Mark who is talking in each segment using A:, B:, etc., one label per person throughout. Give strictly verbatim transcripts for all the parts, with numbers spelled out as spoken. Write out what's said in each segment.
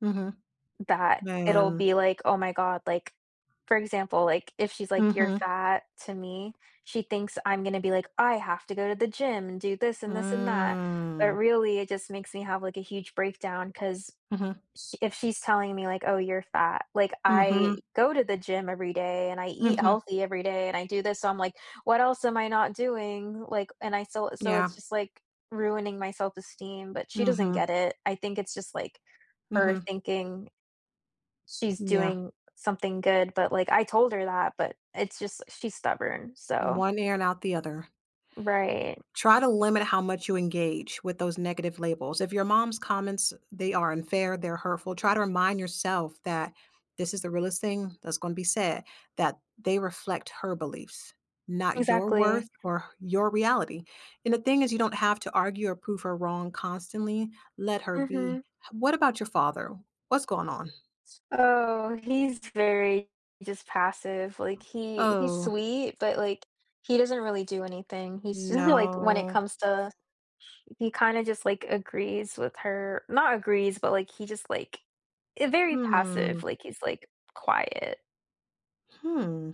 A: Mhm.
B: That it'll
A: Man.
B: be like, "Oh my god," like, for example, like, if she's like, "You're
A: Mhm.
B: fat," to me, she thinks I'm gonna be like, "I have to go to the gym, and do this, and this, and that," but
A: Mm.
B: really, it just makes me have, like, a huge breakdown, 'cause
A: Mhm.
B: sh if she's telling me like, "Oh, you're fat," like, I
A: Mhm.
B: go to the gym every day, and I eat
A: Mhm.
B: healthy every day, and I do this, so I'm like, "What else am I not doing?" Like, and I still so,
A: Yeah.
B: it's just, like, ruining my self-esteem, but she doesn't
A: Mhm.
B: get it, I think it's just, like, her
A: Mhm.
B: thinking she's
A: Yeah.
B: doing something good, but, like, I told her that but, it's just she's stubborn, so
A: One ear and out the other.
B: Right.
A: Try to limit how much you engage with those negative labels, if your mom's comments they are unfair, they're hurtful, try to remind yourself that this is the realest thing that's gonna be said- that they reflect her beliefs, not your
B: Exactly.
A: worth or h your reality, and, the thing is, you don't have to argue or prove her wrong constantly, let her be,
B: Mhm.
A: h what about your father? What's going on?
B: So, he's very just passive, like, he he's
A: Oh.
B: sweet, but, like, he doesn't really do anything, he's just like when it
A: No.
B: comes to sh he kinda just, like, agrees with her not agrees, but, like, he just, like eh, very passive,
A: Hmm.
B: like, he's, like, quiet.
A: Hmm.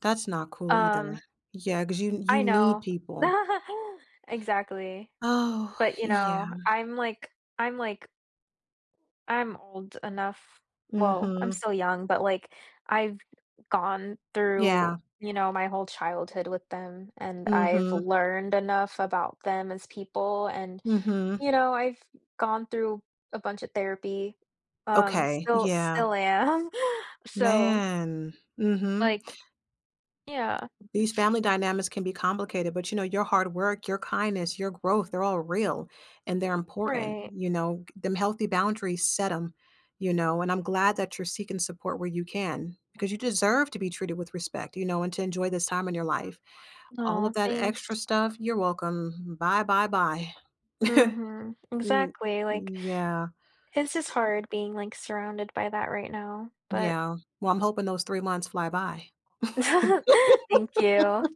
A: That's not cool
B: Um
A: either. Yeah, 'cause you you
B: I
A: need
B: know.
A: people.
B: Exactly.
A: Oh,
B: But, you
A: yeah.
B: know, I'm, like I'm, like I'm old enough, well, I'm
A: Mhm.
B: still young, but, like, I've gone through,
A: Yeah.
B: you know, my whole childhood with them, and I've
A: Mhm.
B: learned enough about them, as people, and,
A: Mhm.
B: you know, I've gone through a bunch of therapy, um,
A: Okay,
B: still
A: yeah.
B: still am. So
A: Man, mhm.
B: like yeah,
A: These
B: it's
A: family dynamics can be complicated, but you know, your hard work, your kindness, your growth, they're all real, and they're important,
B: Right.
A: you know, g them healthy boundaries, set 'em, you know, and, I'm glad that you're seeking support where you can, because you deserve to be treated with respect, you know, and to enjoy this time in your life. All
B: Aw,
A: of that
B: thanks.
A: extra stuff? You're welcome. Bye, bye, bye.
B: Mhm,
A: M
B: exactly, like,
A: yeah.
B: it's just hard being, like, surrounded by that right now, but
A: Yeah, well, I'm hoping those three months fly by.
B: Thank you.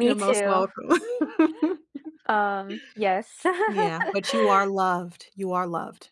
A: You're most
B: too.
A: welcome.
B: Um, yes.
A: Yeah, but you are loved, you are loved.